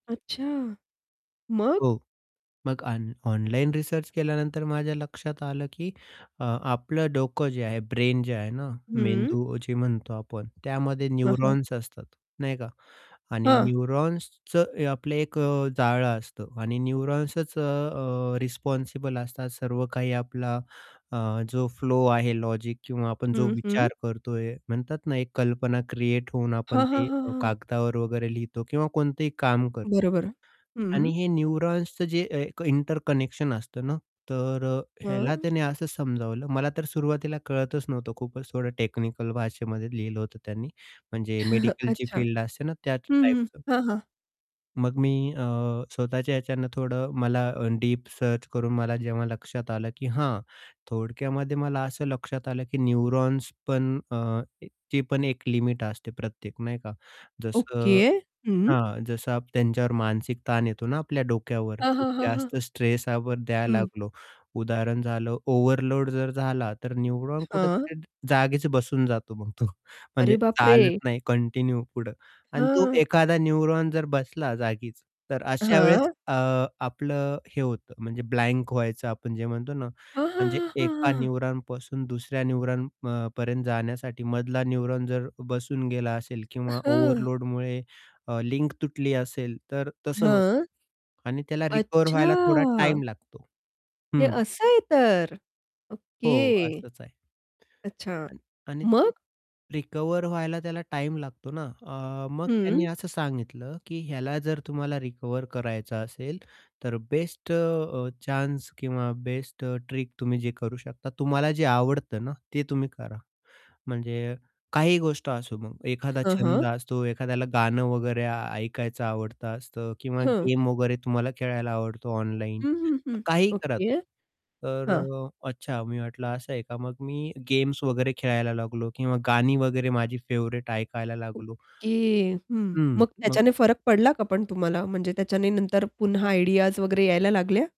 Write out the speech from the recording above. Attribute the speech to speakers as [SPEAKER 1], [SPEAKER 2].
[SPEAKER 1] अच्छा! मग?
[SPEAKER 2] हो. मग आन ऑनलाईन रिसर्च केल्यानंतर माझ्या लक्षात आलं की अ, आपलं डोकं जे आहे ब्रेन जे आहे ना,
[SPEAKER 1] हं.
[SPEAKER 2] मेंदू जे म्हणतो आपण. त्यामध्ये
[SPEAKER 1] हं, हं.
[SPEAKER 2] न्यूरॉन्स असतात, नाही का. आणि
[SPEAKER 1] हां.
[SPEAKER 2] न्यूरॉन्सचं ए आपलं एक अ, जाळं असतं आणि न्यूरॉन्सचं अ, अ, रिस्पॉन्सिबल असतात सर्व काही आपला अ, जो फ्लो आहे, लॉजिक किंवा आपण जो
[SPEAKER 1] हं, हं.
[SPEAKER 2] विचार करतोय. म्हणतात ना एक कल्पना क्रिएट होऊन आपण
[SPEAKER 1] हां, हां,
[SPEAKER 2] ते
[SPEAKER 1] हां, हां.
[SPEAKER 2] कागदावर वगैरे लिहितो किंवा कोणतेही काम कर
[SPEAKER 1] बरोबर. हं,
[SPEAKER 2] आणि
[SPEAKER 1] हं.
[SPEAKER 2] हे न्यूरॉन्सचं जे अ, एक इंटरकनेक्शन असतं ना, तर अ, ह्याला
[SPEAKER 1] हं.
[SPEAKER 2] त्याने असं समजावलं, मला तर सुरुवातीला कळतच नव्हतं खूपच थोडं टेक्निकल भाषेमध्ये लिहिलं होतं त्यांनी, म्हणजे मेडिकलची
[SPEAKER 1] अच्छा.
[SPEAKER 2] फील्ड असते ना, त्याचं
[SPEAKER 1] हं, हं.
[SPEAKER 2] टाइपचं.
[SPEAKER 1] हां, हां.
[SPEAKER 2] मग मी अ, स्वतःच्या ह्याच्यान थोडं मला अ, डीप सर्च करून मला जेव्हा लक्षात आलं, की हां, थोडक्यामध्ये मला असं लक्षात आलं, की न्यूरॉन्स पण अ, ए ची पण एक लिमिट असते प्रत्येक नाही का?
[SPEAKER 1] ओके.
[SPEAKER 2] जसं
[SPEAKER 1] हं.
[SPEAKER 2] हां. जसा आप त्यांच्यावर मानसिक ताण येतो ना, आपल्या डोक्यावर
[SPEAKER 1] हां,
[SPEAKER 2] खूप
[SPEAKER 1] हां, हां, हां.
[SPEAKER 2] जास्त स्ट्रेस आपण द्यायला
[SPEAKER 1] हं.
[SPEAKER 2] लागलो. उदाहरण झालं ओव्हरलोड जर झाला, तर न्यूरॉन
[SPEAKER 1] हां.
[SPEAKER 2] कुठेतरी जागेच बसून जातो मग तो. म्हणजे
[SPEAKER 1] अरे बापरे!
[SPEAKER 2] चालत नाही कंटिन्यू पुढं आणि तो
[SPEAKER 1] हां.
[SPEAKER 2] एखादा न्यूरॉन जर बसला जागीच, तर अशा वेळेस
[SPEAKER 1] हां.
[SPEAKER 2] अ, आपलं हे होतं म्हणजे ब्लँक व्हायचं आपण जे म्हणतो ना,
[SPEAKER 1] हां, हां,
[SPEAKER 2] म्हणजे
[SPEAKER 1] हां, हां,
[SPEAKER 2] एका
[SPEAKER 1] हां, हां.
[SPEAKER 2] न्यूरॉनपासून दुसऱ्या न्यूरॉन अ, ...पर्यंत जाण्यासाठी मधला न्यूरॉन जर बसून गेला असेल
[SPEAKER 1] अ,
[SPEAKER 2] किंवा
[SPEAKER 1] हां.
[SPEAKER 2] ओव्हरलोडमुळे अ, लिंक तुटली असेल, तर तसं होतं
[SPEAKER 1] हां.
[SPEAKER 2] आणि त्याला रिकव्हर व्हायला थोडा
[SPEAKER 1] अच्छा!
[SPEAKER 2] टाईम लागतो.
[SPEAKER 1] हे
[SPEAKER 2] हं.
[SPEAKER 1] असं आहे तर.
[SPEAKER 2] हो,
[SPEAKER 1] ओके.
[SPEAKER 2] असंच आहे.
[SPEAKER 1] अच्छा.
[SPEAKER 2] अण आणि ते
[SPEAKER 1] मग?
[SPEAKER 2] रिकव्हर व्हायला त्याला टाईम लागतो ना अ, मग त्यांनी
[SPEAKER 1] हं.
[SPEAKER 2] असं सांगितलं, की ह्याला जर तुम्हाला रिकव्हर करायचं असेल, तर बेस्ट अ, चान्स किंवा बेस्ट अ, ट्रिक तुम्ही जे करू शकता, तुम्हाला जे आवडतं ना, ते तुम्ही करा. म्हणजे काही गोष्ट असो मग, एखादा
[SPEAKER 1] हां,
[SPEAKER 2] छंद
[SPEAKER 1] हां.
[SPEAKER 2] असतो, एखाद्याला गाणं वगैरे ऐकायचं आवडत असतं किंवा
[SPEAKER 1] हं.
[SPEAKER 2] गेम वगैरे तुम्हाला खेळायला आवडतो ऑनलाईन,
[SPEAKER 1] हं, हं, हं.
[SPEAKER 2] काहीही करा.
[SPEAKER 1] ओके.
[SPEAKER 2] तर
[SPEAKER 1] हां.
[SPEAKER 2] अ, अच्छा मी वाटलं असं आहे का. मग मी गेम्स वगैरे खेळायला लागलो किंवा गाणी वगैरे माझी फेव्हरेट ऐकायला लागलो.
[SPEAKER 1] ओके. हं.
[SPEAKER 2] हं.
[SPEAKER 1] मग
[SPEAKER 2] मग
[SPEAKER 1] त्याच्याने फरक पडला का पण तुम्हाला? म्हणजे त्याच्याने नंतर पुन्हा आयडियाज वगैरे यायला लागल्या?